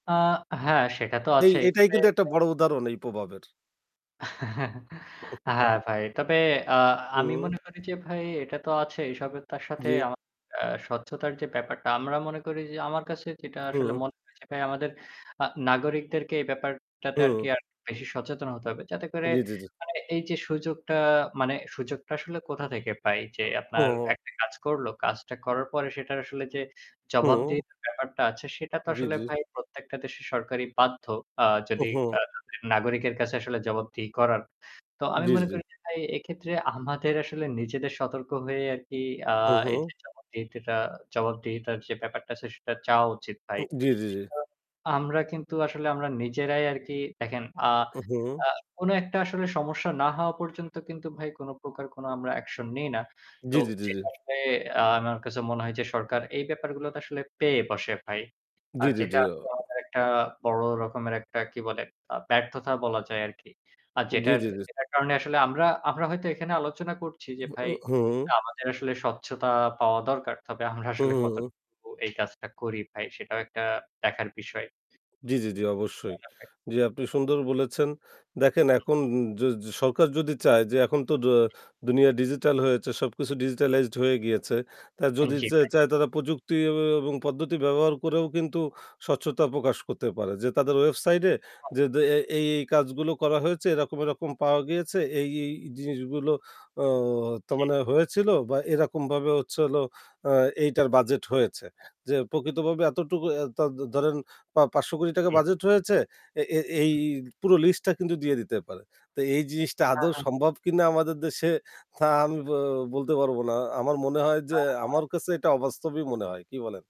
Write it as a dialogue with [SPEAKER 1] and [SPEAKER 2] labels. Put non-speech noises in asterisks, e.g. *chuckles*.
[SPEAKER 1] আ হ্যাঁ, সেটা তো
[SPEAKER 2] এই
[SPEAKER 1] আছেই
[SPEAKER 2] এটাই
[SPEAKER 1] তবে
[SPEAKER 2] কিন্তু একটা
[SPEAKER 1] ভাই
[SPEAKER 2] বড় উদাহরণ এই প্রভাবের।
[SPEAKER 1] *chuckles*
[SPEAKER 2] *chuckles*
[SPEAKER 1] হ্যাঁ ভাই। তবে আ আমি
[SPEAKER 2] হুম।
[SPEAKER 1] মনে করি যে ভাই এটা তো আছেই সবে তার সাথে
[SPEAKER 2] জি।
[SPEAKER 1] আমার অ্যা স্বচ্ছতার যে ব্যাপারটা আমরা মনে করি যে আমার কাছে যেটা আসলে
[SPEAKER 2] হুম।
[SPEAKER 1] মনে হয় যে ভাই আমাদের আ নাগরিকদেরকে এই ব্যাপারটাতে আরকি
[SPEAKER 2] হু।
[SPEAKER 1] আরেকটু বেশি সচেতন হতে হবে। যাতে করে
[SPEAKER 2] জি, জ্বী, জি।
[SPEAKER 1] মানে এই যে সুযোগটা মানে সুযোগটা আসলে কোথা থেকে পাই? যে আপনার
[SPEAKER 2] হু।
[SPEAKER 1] একটা কাজ করল, কাজটা করার পরে সেটার আসলে যে
[SPEAKER 2] হু।
[SPEAKER 1] জবাবদিহিতার ব্যাপারটা আছে সেটা তো
[SPEAKER 2] জি,
[SPEAKER 1] আসলে
[SPEAKER 2] জি।
[SPEAKER 1] ভাই প্রত্যেকটা দেশের সরকারই বাধ্য। আ
[SPEAKER 2] হু,
[SPEAKER 1] যদি
[SPEAKER 2] হু।
[SPEAKER 1] আ নাগরিকের কাছে আসলে জবাবদিহি করার। তো আমি
[SPEAKER 2] জি,
[SPEAKER 1] মনে
[SPEAKER 2] জি।
[SPEAKER 1] করি যে ভাই এক্ষেত্রে আমাদের আসলে নিজেদের সতর্ক হয়ে আরকি আ
[SPEAKER 2] হু, হু।
[SPEAKER 1] এইযে জবাবদিহিতিটা জবাবদিহিতার যে ব্যাপারটা আছে সেটা চাওয়া উচিত ভাই।
[SPEAKER 2] উম জি, জ্বী জি।
[SPEAKER 1] আমরা কিন্তু আসলে আমরা নিজেরাই আরকি দেখেন আ
[SPEAKER 2] উহু।
[SPEAKER 1] আ কোন একটা আসলে সমস্যা না হওয়া পর্যন্ত কিন্তু ভাই কোন প্রকার কোনো আমরা অ্যাকশন নেই না।
[SPEAKER 2] জি,
[SPEAKER 1] তো
[SPEAKER 2] জ্বী, জি, জি।
[SPEAKER 1] যেটা আসলে আমার কাছে মনে হয় যে সরকার এই ব্যাপারগুলোতে আসলে পেয়ে বসে ভাই।
[SPEAKER 2] জি,
[SPEAKER 1] আর
[SPEAKER 2] জ্বী,
[SPEAKER 1] যেটা
[SPEAKER 2] জি, অ
[SPEAKER 1] আরকি আমাদের একটা বড় রকমের একটা কি বলে আ ব্যর্থতা বলা যায় আরকি। আর
[SPEAKER 2] জি,
[SPEAKER 1] যেটার,
[SPEAKER 2] জ্বী জি।
[SPEAKER 1] যেটার কারণে আসলে আমরা, আমরা হয়তো এখানে আলোচনা করছি যে
[SPEAKER 2] হু,
[SPEAKER 1] ভাই
[SPEAKER 2] উ হু।
[SPEAKER 1] আমাদের আসলে স্বচ্ছতা পাওয়া দরকার। তবে আমরা
[SPEAKER 2] হু,
[SPEAKER 1] আসলে
[SPEAKER 2] হু, হু।
[SPEAKER 1] কতটুকু এই কাজটা করি ভাই সেটাও একটা দেখার বিষয়।
[SPEAKER 2] জি, জি, জি অবশ্যই।
[SPEAKER 1] তাই না ভাই?
[SPEAKER 2] জি, আপনি সুন্দর বলেছেন। দেখেন
[SPEAKER 1] হুম।
[SPEAKER 2] এখন অ য সরকার যদি চায় যে এখন তো দ দুনিয়া ডিজিটাল হয়েছে সবকিছু ডিজিটালাইজড হয়ে গিয়েছে। তা
[SPEAKER 1] উন
[SPEAKER 2] যদি
[SPEAKER 1] জি
[SPEAKER 2] চে
[SPEAKER 1] ভাই।
[SPEAKER 2] চায় তারা প্রযুক্তি অ এবং পদ্ধতি ব্যবহার করেও কিন্তু স্বচ্ছতা প্রকাশ করতে পারে। যে তাদের ওয়েবসাইটে এ যে দে এই এই কাজগুলো করা হয়েছে এরকম, এরকম পাওয়া গিয়েছে। এই, এই জিনিস যেগুলো অ ত
[SPEAKER 1] জি।
[SPEAKER 2] মানে হয়েছিল বা এরকমভাবে হচ্ছে হলো আ এইটার বাজেট হয়েছে। যে প্রকৃতভাবে এতটুকু অ্যা ত ধরেন বা পা ৳৫,০০,০০,০০,০০০
[SPEAKER 1] জী।
[SPEAKER 2] বাজেট হয়েছে এ এ এই
[SPEAKER 1] হুম।
[SPEAKER 2] পুরো লিস্টটা কিন্তু দিয়ে দিতে পারে। তো এই জিনিসটা
[SPEAKER 1] হ্যাঁ,
[SPEAKER 2] আদৌ
[SPEAKER 1] হ্যাঁ।
[SPEAKER 2] সম্ভব কিনা আমাদের দেশে তা আমি ব বলতে পারব না। আমার মনে হয় যে আমার কাছে এটা অবাস্তবই মনে হয়। কী বলেন?